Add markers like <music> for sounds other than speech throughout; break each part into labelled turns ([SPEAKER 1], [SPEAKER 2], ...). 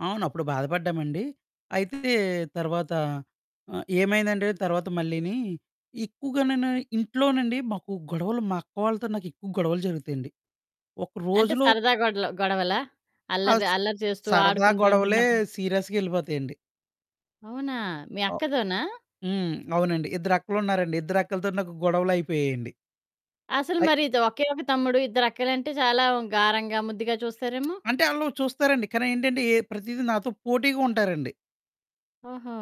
[SPEAKER 1] అవును. అప్పుడు బాధపడ్డామండి. అయితే, తర్వాత ఆహ్, ఏమైందంటే తర్వాత మళ్ళీనీ, ఎక్కువుగా నేను ఇంట్లోనండి మాకు గొడవలు, మా అక్క వాళ్ళతో నాకెక్కువు గొడవలు జరుగుతయండి. ఒక్క
[SPEAKER 2] అంటే
[SPEAKER 1] రోజులో
[SPEAKER 2] సరదా గొడలు గొడవలా?
[SPEAKER 1] ఆ!
[SPEAKER 2] అల్లరి
[SPEAKER 1] స్
[SPEAKER 2] అల్లరి చేస్తూ
[SPEAKER 1] సరదా
[SPEAKER 2] ఆడుకుంటూ
[SPEAKER 1] గొడవలే
[SPEAKER 2] ఉంటన్నప్పుడు
[SPEAKER 1] సీరియస్‌గెళ్ళిపోతయండి.
[SPEAKER 2] అవునా? మీ
[SPEAKER 1] ఆ!
[SPEAKER 2] అక్కతోనా?
[SPEAKER 1] హ్మ్. అవునండి. ఇద్దరక్కలున్నారండి. ఇద్దరక్కలతోటి నాకు గొడవలయిపోయేయండి.
[SPEAKER 2] అసలు
[SPEAKER 1] అయ్
[SPEAKER 2] మరిది ఒకే ఒక తమ్ముడు, ఇద్దరక్కలంటే చాలా గారంగా, ముద్దుగా
[SPEAKER 1] <smacks lips>
[SPEAKER 2] చూస్తారేమో.
[SPEAKER 1] అంటే, ఆళ్ళు చూస్తారండి, కానీ ఏంటంటే, ఏ ప్రతీది నాతో పోటీగుంటారండి.
[SPEAKER 2] ఓహో!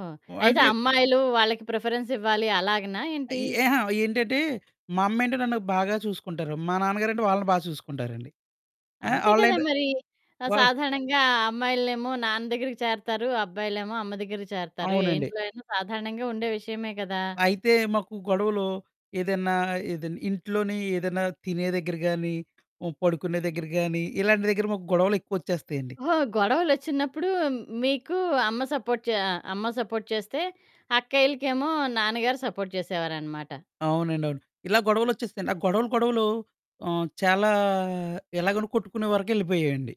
[SPEAKER 2] అయితే,
[SPEAKER 1] అంటే
[SPEAKER 2] అమ్మాయిలూ వాళ్ళకి ప్రిఫరెన్సివ్వాలి అలాగనా
[SPEAKER 1] ఆహ్,
[SPEAKER 2] ఏంటి?
[SPEAKER 1] ఎహా! ఏంటంటే, మమ్మేంటి నన్ను బాగా చూసుకుంటారు. మా నాన్నగారంటే వాళ్ళను బా చూసుకుంటారండి. ఆహ్,
[SPEAKER 2] అంతే కదా
[SPEAKER 1] ఆళ్ళేంటొ
[SPEAKER 2] మరీ. ఆహ్,
[SPEAKER 1] వాళ్
[SPEAKER 2] సాధారణంగా అమ్మాయిలనేమో నాన్న దగ్గరికి చేరతారు. అబ్బాయిలేమో అమ్మ దగ్గరకి చేరతారు. ఏ
[SPEAKER 1] అవునండి.
[SPEAKER 2] ఇంట్లో అయినా సాధారణంగా ఉండే విషయమే గదా!
[SPEAKER 1] అయితే, మాకు గొడవలు ఏదన్నా, ఏదన్ ఇంట్లోనే ఏదన్నా తినే దెగ్గర గానీ, హ్మ్, పడుకునే దెగ్గర గానీ, ఇలాంటి దెగ్గర మాకు గొడవలెక్కువొచ్చేస్తాయండి.
[SPEAKER 2] ఓహో! గొడవలొచ్చినప్పుడూ మీకూ అమ్మ సపోర్ట్ చె ఆహ్, అమ్మ సపోర్ట్ చేస్తే, అక్కయ్యలకేమో నాన్నగారు సపోర్ట్ చేసేవారనమాట.
[SPEAKER 1] అవునండి. అవును. ఇలాగ గొడవలొచ్చేస్తాయండి. ఆ గొడవలు, గొడవలు ఆహ్, చాలా ఎలాగంటె కొట్టుకునే వరకెళ్ళిపోయాయండి.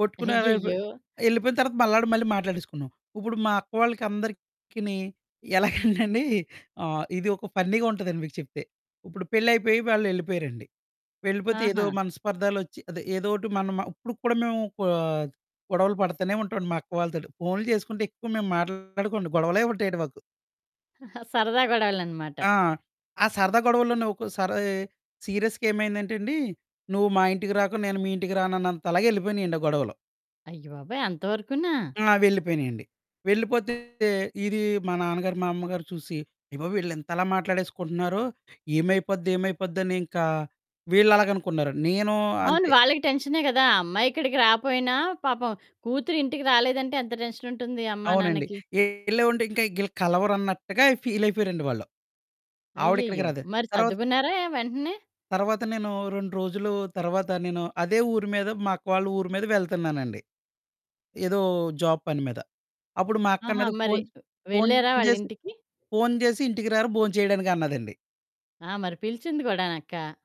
[SPEAKER 1] కొట్టుకున్నావైపయి.
[SPEAKER 2] అయ్యయ్యో!
[SPEAKER 1] యెళ్ళిపోయిన తర్వాత మళ్ళాడ మళ్ళీ మాట్లాడేసుకున్నాం. ఉప్పుడు మా అక్కవాళ్ళకి అందరికిని ఎలాగంటండీ, ఆ ఇది ఒక ఫన్నీగుంటదండి మీకు చెప్తే. ఉప్పుడు పెళ్లయిపోయి వాళ్ళెళ్ళిపోయారండి. వెళ్ళిపోతే ఏదో
[SPEAKER 2] ఆహా!
[SPEAKER 1] మనస్పర్ధాలొచ్చి, అదే ఏదోటి మనం మ ఉప్పుడుకు కూడా మేవూ కొ ఆహ్, గొడవలు పడతానే ఉంటావండి మా అక్క వాళ్ళతోటి. ఫోన్లు చేసుకుంటే ఎక్కువ మేము మాట్లాడుకోవండి, గొడవలే ఉంటాయండి మాకు.
[SPEAKER 2] <giggles> సరదా గొడవలనమాట.
[SPEAKER 1] ఆ! ఆ సరదా గొడవల్లోనే ఒక్కోసారీ సీరియస్‌గ ఏమైందంటెండి, నువ్వు మా ఇంటికి రాకు, నేను మీ ఇంటికి రానన్నంతలాగెళ్ళిపోయినియండి ఆ గొడవలు.
[SPEAKER 2] అయ్యబాబోయ్! అంతవరుకూనా?
[SPEAKER 1] ఆ! వెళ్ళిపోయినియండి. వెళ్ళిపోతే ఇదీ మా నాన్నగారు, మా అమ్మగారు చూసి ఏవే, వీళ్ళింతలా మాట్లాడేసుకుంటన్నారో, ఏమైపోద్ది, ఏమైపోద్దనింకా వీళ్ళలాగనుకున్నారండి. నేనూ
[SPEAKER 2] అవును.
[SPEAKER 1] అంతే
[SPEAKER 2] వాళ్ళకి టెన్షనే గదా! అమ్మాయిక్కడికి రాపోయినా, పాపం కూతురు ఇంటికి రాలేదంటే ఎంత టెన్షనుంటుంది అమ్మ,
[SPEAKER 1] అవునండి.
[SPEAKER 2] నాన్నకి.
[SPEAKER 1] ఎల్లవంటే ఇంక ఈగ్గళ్ళు కలవరన్నట్టుగా ఫీలయిపోయారండి వాళ్ళు. ఆవిడిక్కడికి
[SPEAKER 2] అయ్యయ్యో!
[SPEAKER 1] రాదు.
[SPEAKER 2] మరి
[SPEAKER 1] తర్వాత...
[SPEAKER 2] సద్దుకున్నారాయా వెంటనే?
[SPEAKER 1] తర్వాత నేనూ 2 రోజులూ తర్వాత నేను, అదే ఊరి మీద, మా అక్క వాళ్ళ ఊరి మీద వెళ్తన్నానండి, ఏదో జాబ్ పని మీద. అప్పుడు మా
[SPEAKER 2] ఆహా!
[SPEAKER 1] అక్కన్నది
[SPEAKER 2] మరి
[SPEAKER 1] ఫోన్ చె ఫోన్
[SPEAKER 2] వెళ్ళారా
[SPEAKER 1] జేసి
[SPEAKER 2] వాళ్ళింటికి?
[SPEAKER 1] ఫోన్ జేసి, ఇంటికి రారా భోంచెయడానికి అన్నదండి.
[SPEAKER 2] ఆ! మరి పిలిచింది గూడానక్కా.